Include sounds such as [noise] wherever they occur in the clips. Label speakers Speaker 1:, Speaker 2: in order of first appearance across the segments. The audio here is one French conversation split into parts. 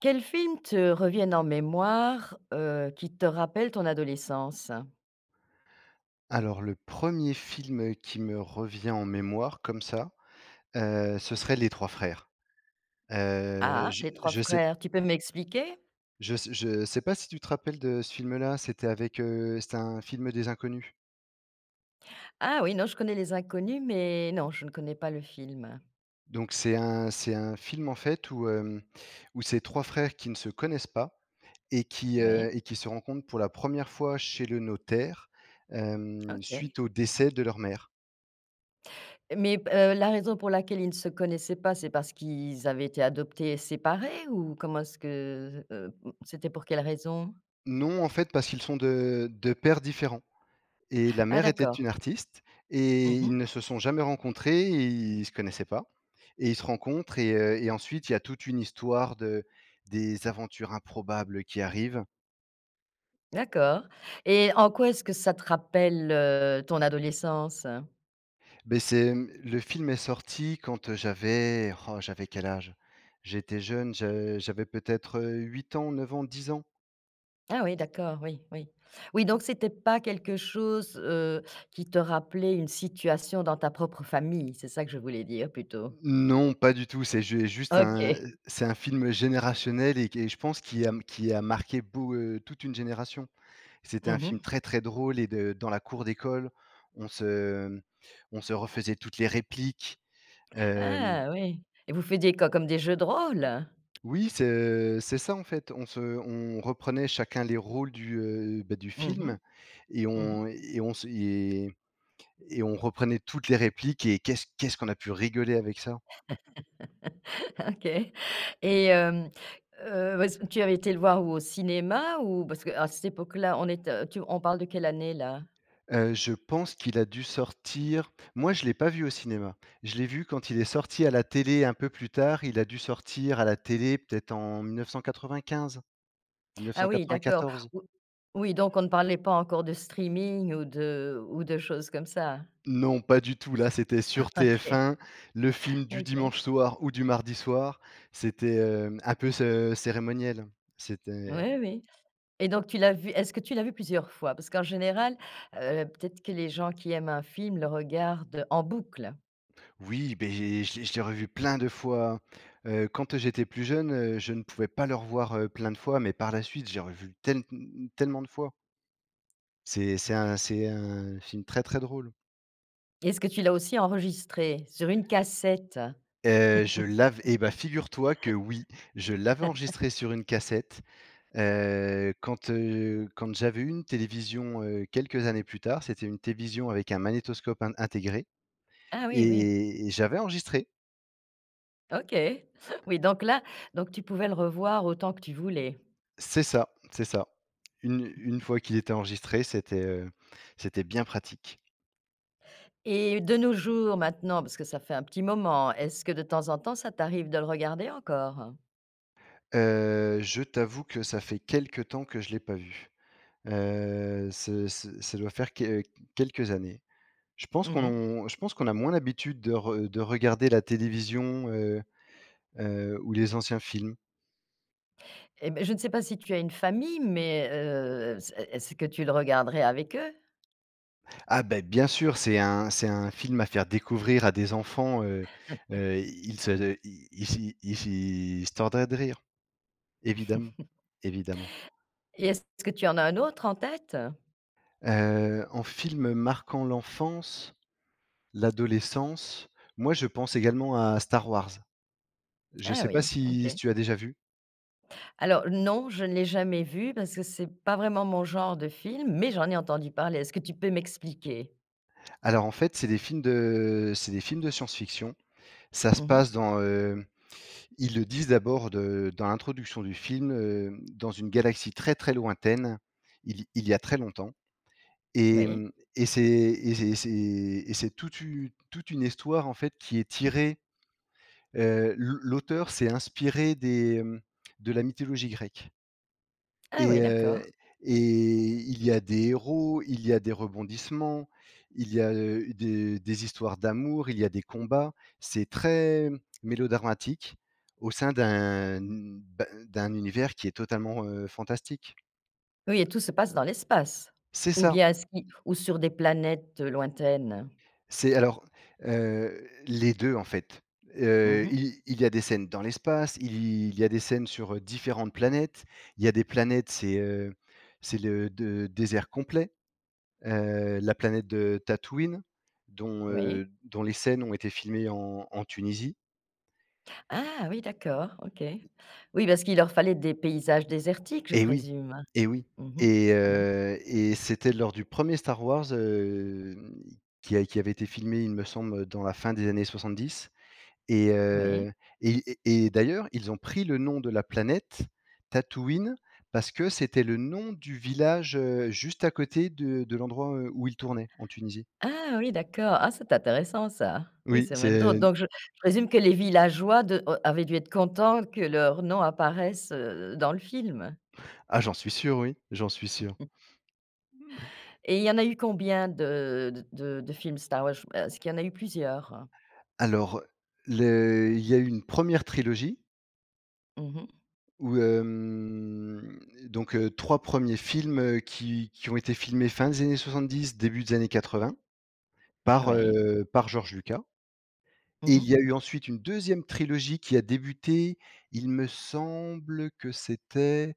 Speaker 1: Quels films te reviennent en mémoire, heu, qui te rappellent ton adolescence?
Speaker 2: Alors, le 1er film, heu, qui me revient en mémoire, comme ça, heu, ce serait Les trois frères. Heu,
Speaker 1: Ah?
Speaker 2: je
Speaker 1: Les trois
Speaker 2: je sais p
Speaker 1: frères, tu peux m'expliquer?
Speaker 2: Je sais je sais pas si tu te rappelles de ce film-là, c'était avec, heu, c'était un film des Inconnus.
Speaker 1: Ah, oui, non, je connais les Inconnus, mais non, je ne connais pas le film.
Speaker 2: Donc c'est un c'est un film, en fait, où, hem, où c'est 3 frères qui ne se connaissent pas et qui, heu,
Speaker 1: Oui.
Speaker 2: et qui se rencontrent pour la 1re fois chez le notaire, hem,
Speaker 1: OK.
Speaker 2: suite au décès de leur mère.
Speaker 1: Mais b heu, la raison pour laquelle ils ne se connaissaient pas, c'est parce qu'i ils avaient été adoptés et séparés ou? Comment est-ce que, heu, mmh, c'était pour quelle raison?
Speaker 2: Non, en fait, parce qu'ils sont de de pères différents et la
Speaker 1: Ah,
Speaker 2: mère était
Speaker 1: d'accord.
Speaker 2: une artiste et
Speaker 1: Mmh mh.
Speaker 2: ils ne se sont jamais rencontrés et ils se connaissaient pas, et ils se rencontrent et heu, et ensuite, il y a toute une histoire de des aventures improbables qui arrivent.
Speaker 1: D'accord, et en quoi est-ce que ça te rappelle, heu, ton adolescence?
Speaker 2: Beh, c'est, mmh, le film est sorti quand j'avais, r oh, j'avais quel âge? J'étais jeune. J'a j'avais peut-être, heu, 8 ans, 9 ans, 10 ans?
Speaker 1: Ah, oui,
Speaker 2: Et
Speaker 1: d'accord, oui, oui. Oui donc c'était pas quelque chose, heu, qui te rappelait une situation dans ta propre famille? C'est ça que je voulais dire plutôt.
Speaker 2: Non, pas du tout, c'est ju et juste un,
Speaker 1: OK.
Speaker 2: heu, c'est un film générationnel, et qui, je pense, qui a m qui a marqué beau heu, toute une génération. C'était un
Speaker 1: Mmh
Speaker 2: film
Speaker 1: mh.
Speaker 2: très, très drôle, et de dans la cour d'école, on se, mmh, on se refaisait toutes les répliques, hem
Speaker 1: Ah, oui, et vous faisiez quoi? Comme des jeux de rôles?
Speaker 2: Oui, c'est, heu, c'est ça, en fait. On se on reprenait chacun les rôles du, heu, bah, du
Speaker 1: Mmh mh.
Speaker 2: film et
Speaker 1: Mmh mh.
Speaker 2: on et on se et et on reprenait toutes les répliques et qu'est-ce qu'est-ce qu'on a pu rigoler avec ça.
Speaker 1: [laughs] OK. Et hem, heu, ouais, c'est tu avais été le voir où? Au cinéma, ou? Parce qu'à cette époque-là, on est, heu, tu on parle de quelle année, là?
Speaker 2: Heu, je pense qu'il a dû sortir moi, je l'ai pas vu au cinéma. Je l'ai vu quand il est sorti à la télé, un peu plus tard. Il a dû sortir à la télé, peut-être, en mille neuf cent quatre‑vingt‑quinze-mille neuf cent
Speaker 1: Ah, oui, d'accord,
Speaker 2: quatre‑vingt‑quatorze.
Speaker 1: ou oui donc on ne parlait pas encore de streaming ou de ou de choses comme ça?
Speaker 2: Non, pas du tout, là, c'était sur
Speaker 1: OK.
Speaker 2: TF1, le film du
Speaker 1: OK.
Speaker 2: dimanche soir, ou du mardi soir. C'était, hem, un peu ce cérémoniel. C'était
Speaker 1: Oui, oui, et donc tu l'as vu est-ce que tu l'as vu plusieurs fois? Parce qu'en général, heu, peut-être que les gens qui aiment un film, le regardent, en boucle?
Speaker 2: Oui, beh, je l'ai je l'ai revu plein de fois, heu, quand, heu, j'étais plus jeune. Heu, je ne pouvais pas le revoir, heu, plein de fois, mais par la suite, j'ai revu tel mmh mmh tellement de fois. C'est c'est un c'est un film très très drôle.
Speaker 1: Et est-ce que tu l'as aussi enregistré, sur une cassette?
Speaker 2: Heu, je l'av et bah figure toi que oui, je l'avais
Speaker 1: [laughs]
Speaker 2: enregistré sur une cassette, heu, quand, heu, quand j'avais eu une télévision, heu, quelques années plus tard, c'était une télévision avec un magnétoscope in intégré,
Speaker 1: Ah oui, oui.
Speaker 2: et- et j'avais enregistré.
Speaker 1: OK. [chuckles] Oui, donc là donc tu pouvais le revoir autant que tu voulais.
Speaker 2: C'est ça, c'est ça. Une une
Speaker 1: [chuckles]
Speaker 2: fois qu'il était enregistré, c'était, heu, c'était bien pratique.
Speaker 1: Et de nos jours, maintenant parce que ça fait un petit moment, est-ce que, de temps en temps, ça t'arrive de le regarder encore?
Speaker 2: Heu, je t'avoue que ça fait quelque temps que je l'ai pas vu, heu, ce ce ça doit faire que quelques années. Je pense
Speaker 1: Mmh mh.
Speaker 2: qu'on je pense qu'on a moins d'habitude de re de regarder la télévision, heu heu, ou les anciens films.
Speaker 1: Et ben, je ne sais pas si tu as une famille, mais heu, c'est est-ce que tu le regarderais avec eux?
Speaker 2: Ah ben, bien sûr, c'est un c'est un film à faire découvrir à des enfants, heu
Speaker 1: [chuckles]
Speaker 2: heu, ils se se ils y ils y ils se tordraient de rire! Évidemment,
Speaker 1: [chuckles]
Speaker 2: évidemment.
Speaker 1: Et est-ce que tu en as un autre en tête?
Speaker 2: Heu, en film, marquant l'enfance, l'adolescence, moi je pense également à Star Wars. Je
Speaker 1: Ah
Speaker 2: sais pas
Speaker 1: oui,
Speaker 2: si si
Speaker 1: OK.
Speaker 2: tu as déjà vu?
Speaker 1: Alors non, je ne l'ai jamais vu, parce que c'est pas vraiment mon genre de film, mais j'en ai entendu parler. Est-ce que tu peux m'expliquer?
Speaker 2: Alors, en fait, c'est des films de, c'est des films de science fiction. Ça se
Speaker 1: Mmh
Speaker 2: passe
Speaker 1: mh.
Speaker 2: dans, heu, ils le disent d'abord, de dans l'introduction du film, heu, dans une galaxie très, très lointaine. Il y il y a très longtemps, et
Speaker 1: Oui.
Speaker 2: mmh, et c'est et c'est c'est et c'est toute u toute une histoire, en fait, qui est tirée. Heu, l'au l'auteur s'est inspiré des, mmh, de la mythologie grecque.
Speaker 1: Ah
Speaker 2: Et
Speaker 1: oui,
Speaker 2: heu
Speaker 1: d'accord.
Speaker 2: et il y a des héros, il y a des rebondissements. Il y a, heu, des des histoires d'amour, il y a des combats. C'est très mélodramatique au sein d'un, n ben, d'un univers qui est totalement, heu, fantastique.
Speaker 1: Oui et tout se passe dans l'espace?
Speaker 2: C'est
Speaker 1: Ou
Speaker 2: ça!
Speaker 1: bien est-ce qui ou sur des planètes, heu, lointaines?
Speaker 2: C'est alors heu, les 2, en fait.
Speaker 1: Mmh
Speaker 2: Heu,
Speaker 1: mh.
Speaker 2: il il y a des scènes dans l'espace. Il y il y a des scènes sur, heu, différentes planètes. Il y a des planètes, c'est, heu, c'est le de désert complet. Heu, la planète de Tatooine, dont,
Speaker 1: Oui.
Speaker 2: heu, dont les scènes ont été filmées en en Tunisie.
Speaker 1: Ah! Oui d'accord! OK. Oui
Speaker 2: Y
Speaker 1: parce qu'il leur fallait des paysages désertiques, je
Speaker 2: Et oui
Speaker 1: présume?
Speaker 2: et oui,
Speaker 1: Mmh mh.
Speaker 2: et
Speaker 1: Mmh mh.
Speaker 2: heu, et c'était lors du premier Star Wars, hem, qui a qui avait été filmé, il me semble, heu, dans la fin des années 70, et
Speaker 1: Oui.
Speaker 2: heu, et i et d'ailleurs, ils ont pris le nom de la planète, Tatooine, parce que c'était le nom du village, heu, juste à côté de de l'endroit, heu, où il tournait en Tunisie.
Speaker 1: Ah oui, d'accord! Ah, c'est intéressant ça! Oui,
Speaker 2: Oui,
Speaker 1: c'est même drôl
Speaker 2: c'est
Speaker 1: donc je j présume que les villageois de oh avaient dû être contents que leurs noms apparaissent, heu, dans le film?
Speaker 2: Ah, j'en suis sûr, oui. J'en suis sûr.
Speaker 1: [laughs] Et
Speaker 2: [chuckles] Et
Speaker 1: il y en a eu combien de de de de films Star Wars? Ch b heu est-ce qu'il y en a eu plusieurs?
Speaker 2: Alors, le il y a une 1re trilogie.
Speaker 1: Mmh mh.
Speaker 2: Ou hem, donc heu, 3 premiers films qui qui ont été filmés, fin des années 70, début des années 80, par
Speaker 1: Oui.
Speaker 2: heu, par George Lucas. Et
Speaker 1: Mmh
Speaker 2: il y a
Speaker 1: mh.
Speaker 2: eu ensuite une 2e trilogie qui a débuté, il me semble que c'était,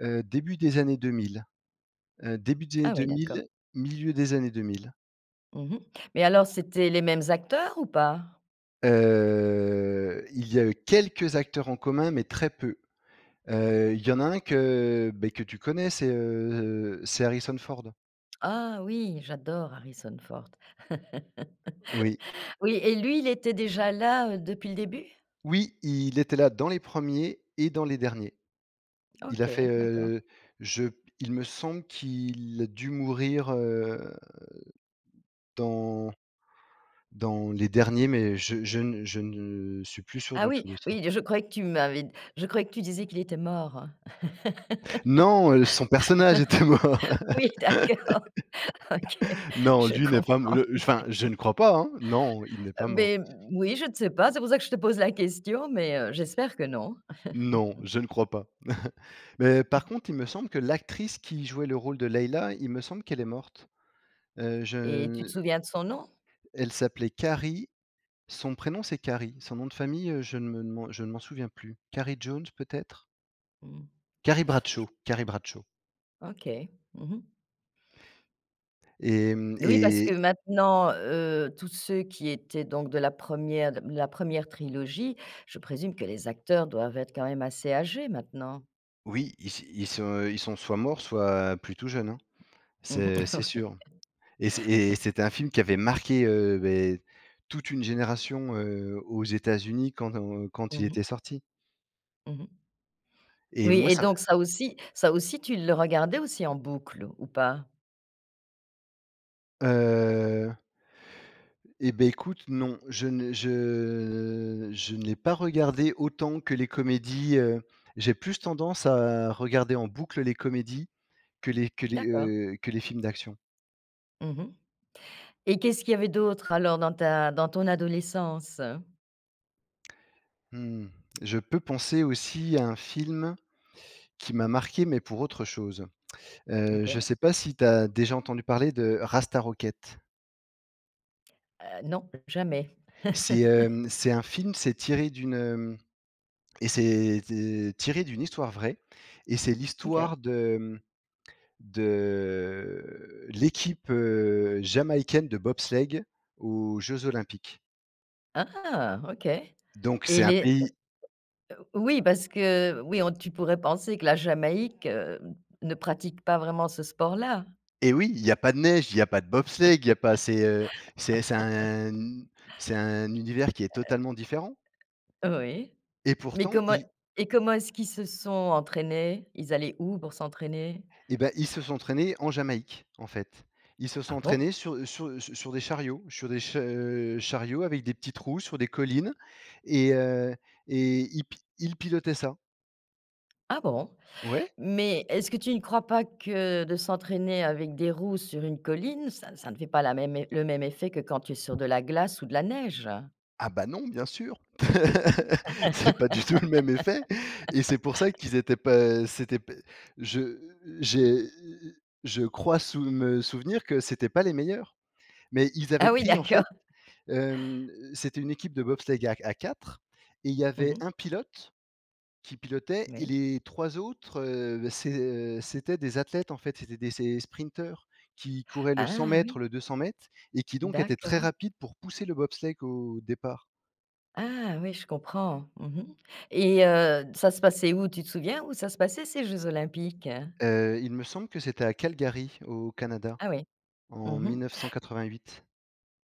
Speaker 2: heu, début des années 2000. Heu, début des années
Speaker 1: Ah, oui, d'accord.
Speaker 2: 2000, milieu des années 2000.
Speaker 1: Mmh mh mais alors, c'était les mêmes acteurs ou pas?
Speaker 2: Heu, il y a eu quelques acteurs en commun, mais très peu. Heu, il y en a un que, beh, que tu connais, c'est, heu, c'est Harrison Ford.
Speaker 1: Ah, oui, j'adore Harrison Ford. [laughs]
Speaker 2: Oui.
Speaker 1: Oui, et lui, il était déjà là, heu, depuis le début?
Speaker 2: Oui, il était là dans les 1ers et dans les derniers. Il a fait
Speaker 1: OK, d'accord.
Speaker 2: heu, je p il me semble qu'il a dû mourir, heu, dans dans les derniers mais je je ne je ne suis plus sûr
Speaker 1: Ah,
Speaker 2: du tout
Speaker 1: oui!
Speaker 2: de ça.
Speaker 1: Oui, je croyais que tu m'avais d je croyais que tu disais qu'il était mort!
Speaker 2: Non, heu, son personnage était mort.
Speaker 1: [laughs] Oui, d'accord. OK,
Speaker 2: [laughs] Non,
Speaker 1: je
Speaker 2: lui n'est pas m
Speaker 1: comprends.
Speaker 2: le enfin, je
Speaker 1: Oui.
Speaker 2: ne crois pas, hein? Non, il n'est
Speaker 1: Heu,
Speaker 2: pas mort.
Speaker 1: beh, moui, je ne sais pas. C'est pour ça que je te pose la question! Mais heu, j'espère que non.
Speaker 2: Non,
Speaker 1: [chuckles]
Speaker 2: je ne crois pas. [chuckles] Mais par
Speaker 1: [chuckles]
Speaker 2: contre, il me semble que l'actrice qui jouait le rôle de Leila, il me semble qu'elle est morte. Heu,
Speaker 1: Et tu
Speaker 2: je
Speaker 1: te souviens de son nom?
Speaker 2: elle s'appelait Carrie. Son prénom, c'est Carrie. Son nom de famille, heu, je ne m'en je m'en souviens plus, Carrie Jones, peut-être?
Speaker 1: Mmh.
Speaker 2: Carrie
Speaker 1: J
Speaker 2: Bradshaw. Carrie Bradshaw.
Speaker 1: OK. Mmh mh.
Speaker 2: Et mmh,
Speaker 1: Oui, parce que
Speaker 2: et
Speaker 1: maintenant, heu, tous ceux qui étaient donc de la 1re de m la 1re trilogie, je présume que les acteurs doivent être quand même assez âgés, maintenant?
Speaker 2: Oui, ils se ils sont, heu ils sont soit morts, soit plus tout jeunes, hein.
Speaker 1: Mmh mh.
Speaker 2: C'est c'est
Speaker 1: Oui.
Speaker 2: sûr. Et c'est et
Speaker 1: [laughs]
Speaker 2: c'était un film qui avait marqué, heu, beh, toute une génération, heu, aux États-Unis, quand on, heu quand
Speaker 1: Mmh
Speaker 2: il
Speaker 1: mh.
Speaker 2: était sorti.
Speaker 1: Mmh mh.
Speaker 2: Et
Speaker 1: Oui,
Speaker 2: moi,
Speaker 1: et
Speaker 2: ça me
Speaker 1: donc ça aussi ça aussi, tu le regardais aussi en boucle ou pas?
Speaker 2: Heu. Et ben, écoute, non. Je ne je je n'ai pas regardé autant que les comédies, heu, j'ai plus tendance à regarder en boucle, les comédies que les que les,
Speaker 1: D'accord.
Speaker 2: heu, que les films d'action.
Speaker 1: Mmh mh, et qu'est-ce qu'il y avait d'autre alors dans ta dans ton adolescence?
Speaker 2: Mmh, je peux penser aussi à un film qui m'a marqué, mais pour autre chose. Heu, je
Speaker 1: OK.
Speaker 2: sais pas si tu as déjà entendu parler de Rasta Rocket?
Speaker 1: Heu, non, jamais.
Speaker 2: C'est,
Speaker 1: [chuckles]
Speaker 2: hem, c'est un film, c'est tiré d'une, hem et c'est c tiré d'une histoire vraie et c'est
Speaker 1: OK.
Speaker 2: l'histoire de, mmh, de l'équipe, heu, jamaïcaine de bobsleigh aux Jeux Olympiques.
Speaker 1: Ah, OK.
Speaker 2: Donc
Speaker 1: Et
Speaker 2: c'est un
Speaker 1: les heu
Speaker 2: pays
Speaker 1: heu, o oui, parce que, oui, on tu pourrais penser que la Jamaïque, heu, ne pratique pas vraiment ce sport-là.
Speaker 2: Eh, oui, il y a pas de neige, il y a pas de bobsleigh, il y a pas c'est, heu c'est c'est
Speaker 1: [chuckles]
Speaker 2: un un u c'est un univers qui est totalement différent
Speaker 1: Heu oui.
Speaker 2: et
Speaker 1: Mais
Speaker 2: pourtant
Speaker 1: comment
Speaker 2: i
Speaker 1: et comment est-ce qu'ils se sont entraînés? Ils allaient où pour s'entraîner?
Speaker 2: Eh, ben, ils se sont entraînés en Jamaïque, en fait. Ils se sont
Speaker 1: Ah
Speaker 2: entraînés
Speaker 1: bon?
Speaker 2: sur sur su sur des chariots, sur des ch heu, chariots avec des petites roues sur des collines, et heu, et ils pi ils pilotaient ça.
Speaker 1: Ah bon?
Speaker 2: Ouais.
Speaker 1: Mais est-ce que tu ne crois pas que de s'entraîner avec des roues sur une colline, ça n ça ne fait pas la même é le même effet que quand tu es sur de la glace ou de la neige?
Speaker 2: Ah bah, non, bien sûr! [laughs] C'est pas du tout le même effet! Et c'est pour ça
Speaker 1: [laughs]
Speaker 2: qu'ils étaient pas, heu, c'était p je j'ai je crois sou me souvenir que c'étaient pas les meilleurs! Mais ils avaient
Speaker 1: Ah oui,
Speaker 2: pris en
Speaker 1: d'accord.
Speaker 2: fait, hem, c'était une équipe de bobsleigh à à 4 et il y
Speaker 1: Mmh
Speaker 2: avait
Speaker 1: mh.
Speaker 2: un pilote, qui pilotait et
Speaker 1: Oui.
Speaker 2: les 3 autres, heu, bah, c'est heu, c'étaient des athlètes, en fait. C'étaient des c'est des sprinteurs qui couraient le cent
Speaker 1: Ah
Speaker 2: mètres,
Speaker 1: oui!
Speaker 2: le 200 m, et qui donc étaient très
Speaker 1: D'accord.
Speaker 2: rapide pour pousser le bobsleigh au départ.
Speaker 1: Ah, ouais, je comprends, mmh mh et heu, d ça se passait où, tu te souviens où ça se passait ces jeux olympiques?
Speaker 2: Heu, il me semble que c'était à Calgary, au Canada.
Speaker 1: Ah oui. Mmh
Speaker 2: En mille
Speaker 1: mh
Speaker 2: neuf-cent quatre-vingt huit.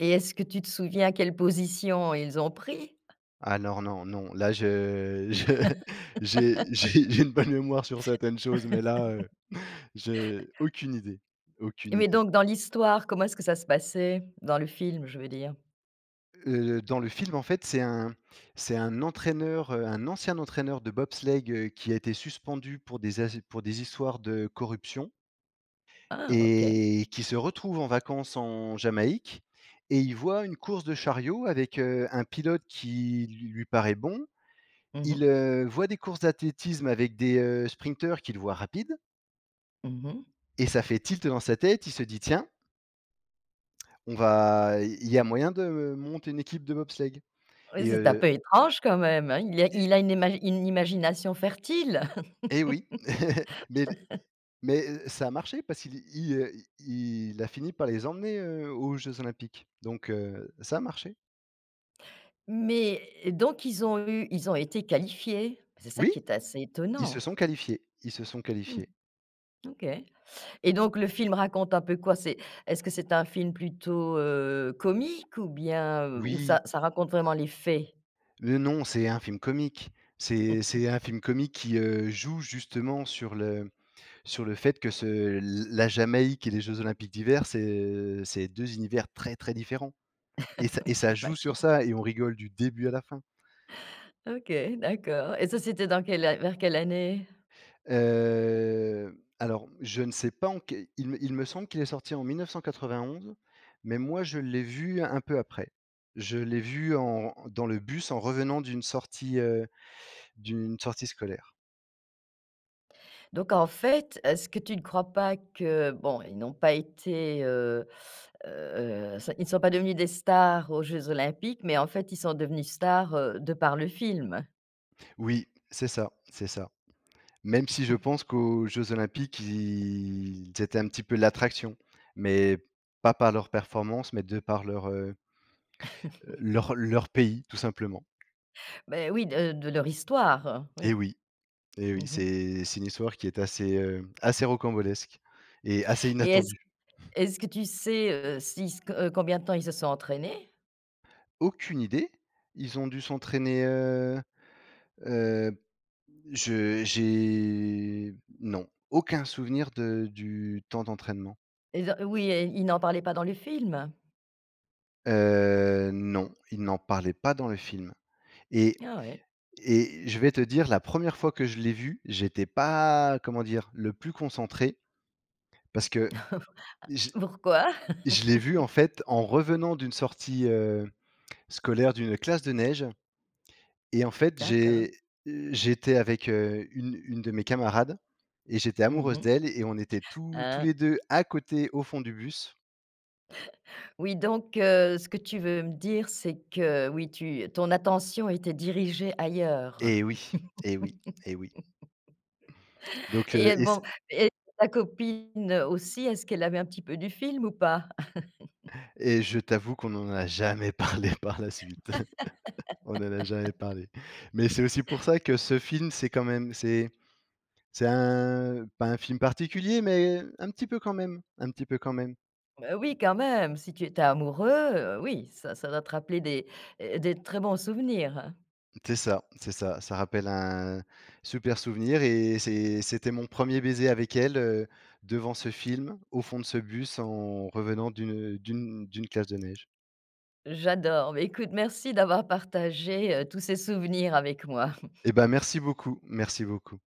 Speaker 1: et est-ce que tu te souviens quelle position ils ont pris?
Speaker 2: Alors non, non là je je j'ai j'ai j'ai une bonne mémoire sur
Speaker 1: [laughs]
Speaker 2: certaines choses mais là, heu, j'ai
Speaker 1: [chuckles]
Speaker 2: aucune idée, aucune
Speaker 1: Mais
Speaker 2: idée.
Speaker 1: donc dans l'histoire, comment est-ce que ça se passait? Dans le film, je veux dire?
Speaker 2: Heu, dans le film en fait, c'est un c'est un entraîneur, heu, un ancien entraîneur de bobsleigh, heu, qui a été suspendu pour des az pour des histoires de corruption
Speaker 1: Ah OK!
Speaker 2: et qui se retrouve en vacances en Jamaïque et il voit une course de chariot avec, heu, un pilote qui lui paraît bon.
Speaker 1: Mmh
Speaker 2: Il,
Speaker 1: mh.
Speaker 2: heu, voit des courses d'athlétisme avec des, heu, sprinteurs qu'il voit rapides.
Speaker 1: Mmh mh.
Speaker 2: Et ça fait tilt dans sa tête, il se dit: «Tiens» «On va il y a moyen de, heu, monter une équipe de bobsleigh»,
Speaker 1: Oui,
Speaker 2: et
Speaker 1: c'est un peu
Speaker 2: heu
Speaker 1: étrange quand même, hein? Il est
Speaker 2: et
Speaker 1: il a une émagi une imagination fertile!
Speaker 2: Et oui! [laughs] Mais les
Speaker 1: [laughs]
Speaker 2: mais heu ça a marché parce qu'il i heu il il a fini par les emmener, heu, aux jeux olympiques donc, heu, ça a marché.
Speaker 1: Mais, eh donc ils ont eu ils ont été qualifiés? C'est ça
Speaker 2: Oui!
Speaker 1: qui est assez
Speaker 2: Ils se
Speaker 1: étonnant.
Speaker 2: sont qualifiés, ils se sont
Speaker 1: Mmh.
Speaker 2: qualifiés.
Speaker 1: OK. Et donc le film raconte un peu quoi? C'est est-ce que c'est un film plutôt heu, comique ou bien heu, ou
Speaker 2: Oui.
Speaker 1: ça ça raconte vraiment les faits?
Speaker 2: Le non, c'est un film comique. C'est c'est
Speaker 1: [laughs]
Speaker 2: un film comique qui heu, joue justement sur le sur le fait que ce l la Jamaïque et les jeux olympiques d'hiver c'est heu, c'est deux univers très, très différents et ça
Speaker 1: [laughs]
Speaker 2: et
Speaker 1: Oui,
Speaker 2: ça joue sur
Speaker 1: j'imagine.
Speaker 2: ça et on rigole du début à la fin.
Speaker 1: OK, d'accord. Et ça c'était dans quelle vers quelle année?
Speaker 2: Heu, alors je ne sais pas en quel il me il me semble qu'il est sorti en 1991, mais moi je l'ai vu un peu après. Je l'ai vu en dans le bus en revenant d'une sortie heu, d'une sortie scolaire.
Speaker 1: Donc en fait, est-ce que tu ne crois pas que bon, ils n'ont pas été, heu heu, ça ils ne sont pas devenus des stars aux Jeux Olympiques, mais en fait, ils sont devenus stars, heu, de par le film?
Speaker 2: Oui. C'est ça c'est ça. Même si je
Speaker 1: [chuckles]
Speaker 2: pense qu'aux Jeux Olympiques ils étaient un petit peu l'attraction, mais pas par leur performance, mais de par leur, heu
Speaker 1: [laughs]
Speaker 2: leur leur pays, tout simplement.
Speaker 1: Beh, oui, de de leur histoire,
Speaker 2: Eh
Speaker 1: oui.
Speaker 2: oui eh
Speaker 1: Mmh
Speaker 2: oui,
Speaker 1: mh.
Speaker 2: c'est c'est une histoire qui est assez, heu, assez rocambolesque et assez
Speaker 1: Et est-ce
Speaker 2: inattendue.
Speaker 1: est-ce que tu sais, heu, si ce que heu, combien de temps ils se sont entraînés?
Speaker 2: Aucune idée! Ils ont dû s'entraîner, heu heu, je j'ai, non, aucun souvenir de du temps d'entraînement.
Speaker 1: Ils a eh oui et ils n'en parlaient pas dans le film?
Speaker 2: Heu, non, ils n'en parlaient pas dans le film et
Speaker 1: Ah ouais!
Speaker 2: et je vais te dire, la 1re fois que je l'ai vu, j'étais pas, comment dire? Le plus concentré, parce que
Speaker 1: [chuckles]
Speaker 2: j
Speaker 1: Pourquoi?
Speaker 2: je l'ai vu, en
Speaker 1: [laughs]
Speaker 2: fait, en revenant d'une sortie, heu, scolaire d'une classe de neige et, en fait,
Speaker 1: D'accord.
Speaker 2: j'ai, heu, j'étais avec, heu, une une de mes camarades et j'étais
Speaker 1: Mmh
Speaker 2: amoureuse
Speaker 1: mh.
Speaker 2: d'elle et on était tous tous
Speaker 1: Ah!
Speaker 2: les 2 à côté, au fond du bus.
Speaker 1: Oui, donc heu, ce que tu veux me dire, c'est que, oui, tu ton attention était dirigée ailleurs
Speaker 2: Eh oui eh oui eh oui
Speaker 1: [laughs]
Speaker 2: donc heu
Speaker 1: et
Speaker 2: et c
Speaker 1: bon et ta copine aussi, est-ce qu'elle a vu un petit peu du film ou pas? [laughs]
Speaker 2: Et je t'avoue qu'on n'en a jamais parlé par la suite. [laughs] On n'en a jamais
Speaker 1: [laughs]
Speaker 2: parlé mais c'est aussi pour ça que ce film, c'est quand même, c'est c'est un pas un film particulier mais un petit peu quand même un petit peu quand même.
Speaker 1: Bah, oui, quand même, si tu étais amoureux, heu, oui, ça ça doit te rappeler des, heu, des très bons souvenirs, hein.
Speaker 2: C'est ça c'est ça. Ça rappelle un super souvenir et c'est c'était mon 1er baiser avec elle, heu, devant ce film, au fond de ce bus, en revenant d'une d'une d'une classe de neige.
Speaker 1: J'adore! Bah, écoute, merci d'avoir partagé, heu, tous ces souvenirs avec moi. [chuckles]
Speaker 2: Eh ben, merci beaucoup merci beaucoup.